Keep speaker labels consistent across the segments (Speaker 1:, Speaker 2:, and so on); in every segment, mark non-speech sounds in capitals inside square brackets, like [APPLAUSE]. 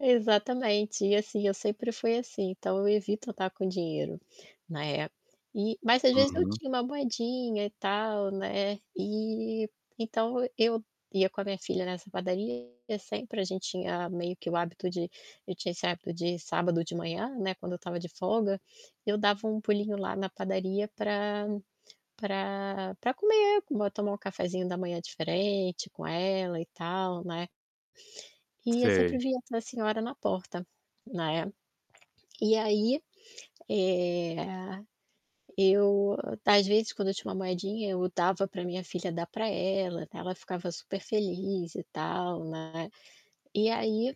Speaker 1: Exatamente, e assim eu sempre fui assim, então, eu evito andar com dinheiro, né. E mas às vezes eu
Speaker 2: Uhum.
Speaker 1: tinha uma moedinha e tal, né, eh, então, eu ia com a minha filha nessa padaria e sempre a gente tinha meio que o hábito de tinha esse hábito de sábado de manhã, né, quando eu estava de folga, eu dava um pulinho lá na padaria pra pra pra para comer, tomar um cafezinho da manhã diferente com ela e tal, né. E eu sempre
Speaker 2: Sei.
Speaker 1: via a senhora na porta, né. E aí, eh, eu às vezes quando eu tinha uma moedinha eu dava pra minha filha dar pra ela, ela ficava super feliz e tal, né. E aí,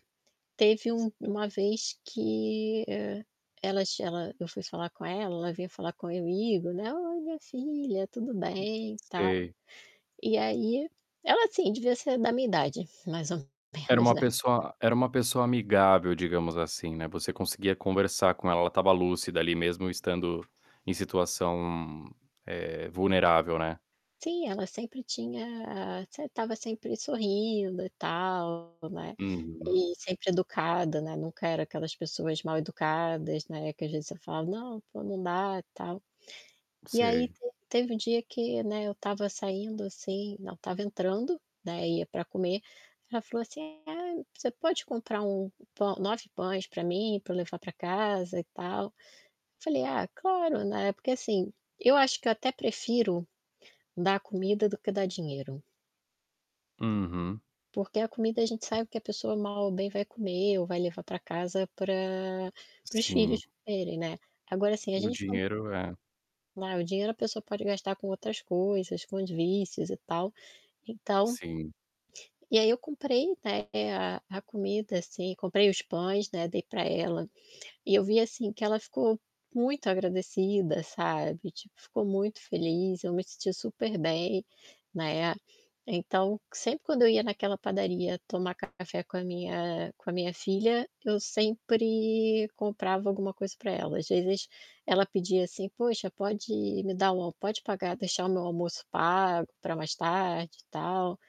Speaker 1: teve um uma vez que e elas ela eu fui falar com ela, ela veio falar comigo, né, "Oi minha filha, tudo bem e tal".
Speaker 2: Sei.
Speaker 1: E aí, ela assim devia ser da minha idade, mais ou
Speaker 2: Era
Speaker 1: menos,
Speaker 2: uma
Speaker 1: né.
Speaker 2: pessoa era uma pessoa amigável, digamos assim, né, você conseguia conversar com ela, ela estava lúcida ali mesmo estando em situação, eh, vulnerável, né.
Speaker 1: Sim, ela sempre tinha sem estava sempre sorrindo e tal, né,
Speaker 2: Uhum.
Speaker 1: e sempre educada, né, nunca era aquelas pessoas mal educadas, né, que às vezes você falava: "Não, pô não dá e tal". E aí
Speaker 2: Sei.
Speaker 1: te teve um dia que, né, eu estava saindo assim não estava entrando, né, ia pra comer, ela falou assim: "Ai você pode comprar 1 pão 9 pães pra mim pra eu levar pra casa e tal?" Eu falei: "Ah claro", né, porque assim, eu acho que eu até prefiro, dar comida do que dar dinheiro.
Speaker 2: Uhum.
Speaker 1: Porque a comida a gente sabe que a pessoa mal ou bem vai comer ou vai levar pra casa pra para os
Speaker 2: Sim.
Speaker 1: filhos comerem, né. Agora assim a
Speaker 2: O
Speaker 1: gente quando
Speaker 2: dinheiro é
Speaker 1: né, o dinheiro a pessoa pode gastar com outras coisas, com as vícios e tal, então
Speaker 2: Sim.
Speaker 1: e aí eu comprei, né, a a comida assim, comprei os pães, né, dei pra ela, e eu vi assim que ela ficou muito agradecida, sabe, tipo ficou muito feliz, eu me senti super bem, né. Então, sempre quando eu ia naquela padaria tomar café com a minha com a minha filha, eu sempre comprava alguma coisa pra ela, às vezes ela pedia assim: "Poxa, pode me dar um pode pagar deixar o meu almoço pago pra mais tarde e tal".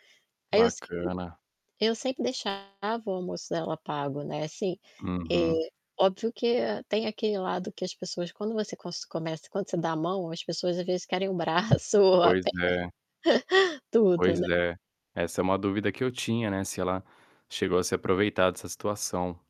Speaker 1: Aí eu sempre
Speaker 2: Bacana.
Speaker 1: eu sempre deixava o almoço dela pago, né, assim, eh,
Speaker 2: Uhum.
Speaker 1: óbvio que tem aquele lado que as pessoas quando você cos começa, quando você dá a mão as pessoas às vezes querem o braço ou a perna.
Speaker 2: Pois é.
Speaker 1: [CHUCKLES] Tudo,
Speaker 2: Pois
Speaker 1: né.
Speaker 2: é. Essa é uma dúvida que eu tinha, né, se ela chegou a se aproveitar dessa situação.